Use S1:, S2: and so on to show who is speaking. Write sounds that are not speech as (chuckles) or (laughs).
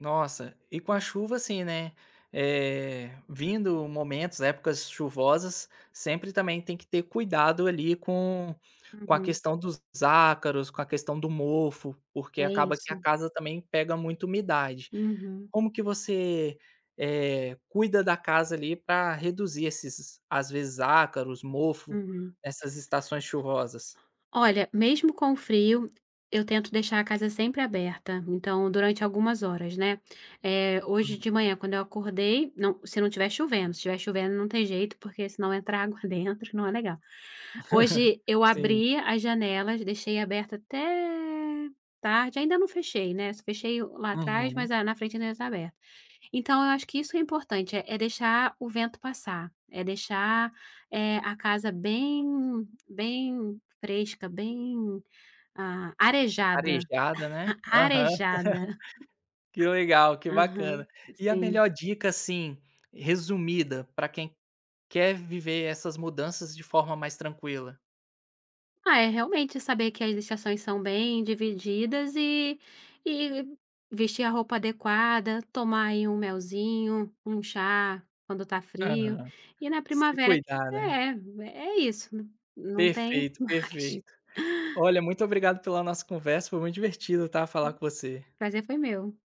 S1: Nossa, e com a
S2: Hum.
S1: chuva assim, né, eh, vindo momentos, épocas chuvosas, sempre também tem que ter cuidado ali com com a
S2: Uhum.
S1: questão dos ácaros, com a questão do mofo, porque
S2: É
S1: acaba que a
S2: isso.
S1: casa também pega muita umidade.
S2: Uhum.
S1: Como que você, eh, cuida da casa ali pra reduzir esses, às vezes, ácaros, mofo,
S2: Uhum.
S1: nessas estações chuvosas?
S2: Olha, mesmo com o frio, eu tento deixar a casa sempre aberta, então durante algumas horas, né. Eh, hoje
S1: Hum.
S2: de manhã, quando eu acordei, não se não estiver chovendo, se estiver chovendo não tem jeito porque senão entra água dentro, não é legal.
S1: (chuckles)
S2: Hoje eu
S1: Sim.
S2: abri as janelas, deixei aberta até tarde, ainda não fechei, né, só fechei lá atrás,
S1: Uhum.
S2: mas a na frente ainda tá aberta. Então, eu acho que isso é importante, é é deixar o vento passar, é deixar, eh, a casa bem, bem fresca, bem arejada,
S1: Arejada, né?
S2: (chuckles) bem a
S1: Aham.
S2: arejada.
S1: (laughs) Que legal, que
S2: (chuckles) Aham,
S1: bacana. E a
S2: sim.
S1: melhor dica assim, resumida, pra quem quer viver essas mudanças de forma mais tranquila?
S2: Ah, é realmente saber que estações são bem divididas e e vestir a roupa adequada, tomar aí um melzinho, um chá, quando tá frio,
S1: Aham,
S2: e na
S1: se
S2: primavera, que
S1: cuidar né.
S2: é é isso, não tem
S1: Perfeito,
S2: mais.
S1: perfeito. Olha, muito obrigado pela nossa conversa, foi muito divertido, tá, falar com você.
S2: Prazer foi meu.